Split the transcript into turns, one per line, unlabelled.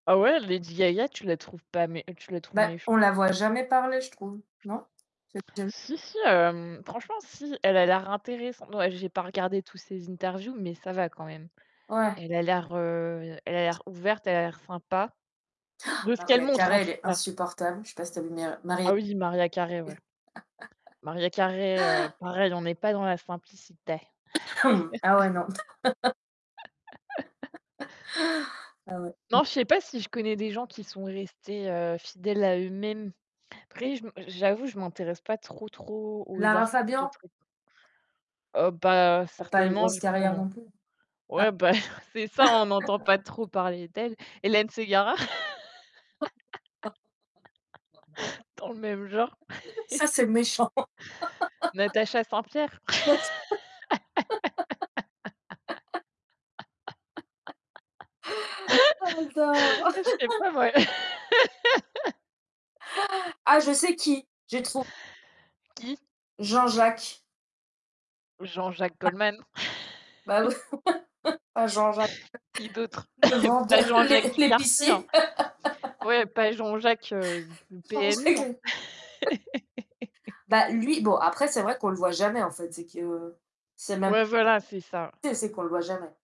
Ah ouais, Lady Gaga, tu la trouves pas mé tu la trouves
Bah, on
méchante?
la voit jamais parler, je trouve, non? C'est [unintelligible]
Si si, hem, franchement, si, elle a l'air intéressante, ouais, j'ai pas regardé toutes ses interviews, mais ça va quand même.
Ouais.
Elle a l'air, heu, elle a l'air ouverte, elle a l'air sympa de ce qu'elle
Mariah
montre, en
Carey, elle
tout
est
cas.
insupportable. Je sais pas si tu aimes bien, Mariah
Ah oui, Mariah Carey, ouais. Mariah Carey, heu, pareil, on n'est pas dans la simplicité!
Ah ouais, non! Ah ouais, mmh.
Non, je sais pas si je connais des gens qui sont restés, heu, fidèles à eux-mêmes, après, je me j'avoue, je m'intéresse pas trop, trop aux
Lara
artistes
Fabian?
très [unintelligible] Heu, bah,
Elle a pas une
certainement,
grosse
vu qu'on
carrière
en
non plus.
ouais, bah, c'est ça, on n'entend pas trop
Ah
parler d'elle. Hélène Ségara, dans le même genre.
Ça, c'est méchant!
Natacha Saint-Pierre.
Ouais, j Oh non!
Mais je sais pas moi!
Ah! Je sais qui, j'ai trou
Qui?
Jean-Jacques.
Jean-Jacques
A
Goldman.
Bah, ouais Ah! Jean-Jacques!
Qui d'autre?
le
Pas
vendeur,
Jean-Jacques
lé
du quartier, hein,
l'épicier!
ouais, pas Jean-Jacques, heu, du PMU, hein?
Jean-Jacques l'épi Bah, lui, bon, après, c'est vrai qu'on le voit jamais en fait, c'est que c'est même
Ouais, voilà, c'est ça.
c'est c'est qu'on le voit jamais.